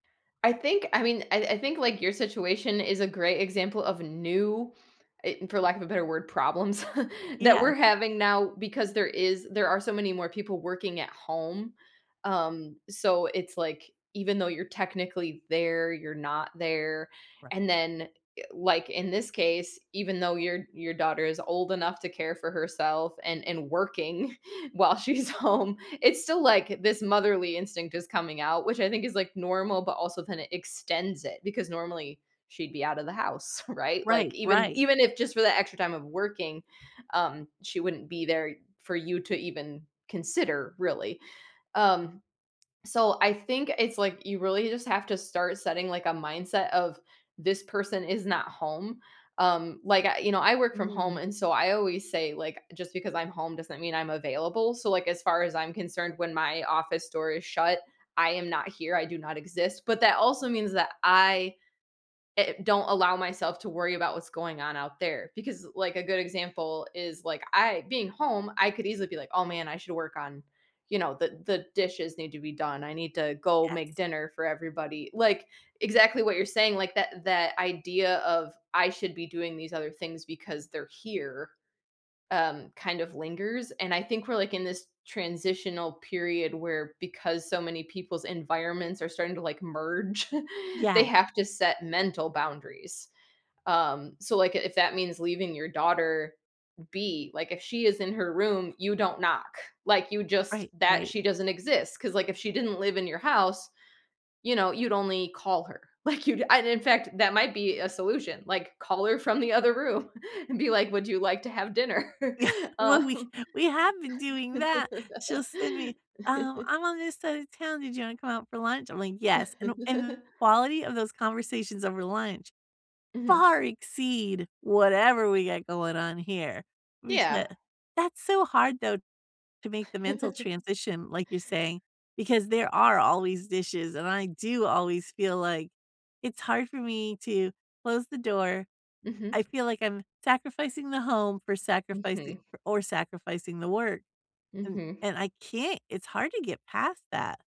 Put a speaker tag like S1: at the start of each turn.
S1: I think I mean, I I think, like, your situation is a great example of new eh, for lack of a better word, problems, that
S2: Yeah.
S1: we're having now because there is there are so many more people working at home. Um, so, it's, like, even though you're technically there, you're not there. And then, eh like, in this case, even though your your daughter is old enough to care for herself, and and working while she's home. It's still, like, this motherly instinct is coming out, which I think is, like, normal, but also kinda extends it, because, normally, she'd be out of the house, right? Like,
S2: Right,
S1: even
S2: right.
S1: even if, just for the extra time of working, um, she wouldn't be there for you to, even consider, really. Um, so, I think, it's, like, you really just have to start setting, like, a mindset of, "This person is not home." Um, like, I you know, I work from home,
S2: Mm.
S1: and, so, I always say, like, "Just because I'm home doesn't mean I'm available." So, like, as far as I'm concerned, when my office door is shut, I am not here, I do not exist, but, that also means that I i don't allow myself to worry about what's going on out there, because, like, a good example is, like, I being home, I could easily be, like, "Oh, man, I should work on" you know, "The the dishes need to be done, I need to go make
S2: Yes.
S1: dinner for everybody," like exactly what you're saying, like, that that idea of, "I should be doing these other things because they're here," um, kind of lingers, and, I think we're, like, in this transitional period where because so many people's environments are starting to, like, merge, they
S2: Yeah.
S1: have to set mental boundaries. Um, so, like, if that means leaving your daughter be like, if she is in her room, you don't knock, like, you just
S2: Right,
S1: that
S2: right.
S1: she doesn't exist. 'Cause, like, if she didn't live in your house, you know, you'd only call her. Like, you'd and in fact, that might be a solution, like, call her from the other room, and be, like, "Would you like to have dinner?"
S2: Well, we
S1: Um
S2: we have been doing that she'll send me "Um, I'm on this side of town, did you wanna come out for lunch?" I'm, like, "Yes." And the and the quality of those conversations over lunch,
S1: Mhm.
S2: far exceed whatever we got going on here. We
S1: Yeah.
S2: ca that's so hard, though, to make the mental transition like, you're saying, because there are always dishes, and I do always feel like it's hard for me to close the door.
S1: Mhm.
S2: I feel like I'm sacrificing the home for sacrifici
S1: Mhm.
S2: or sacrificing the work, and
S1: Mhm.
S2: and I can't, it's hard to get past that.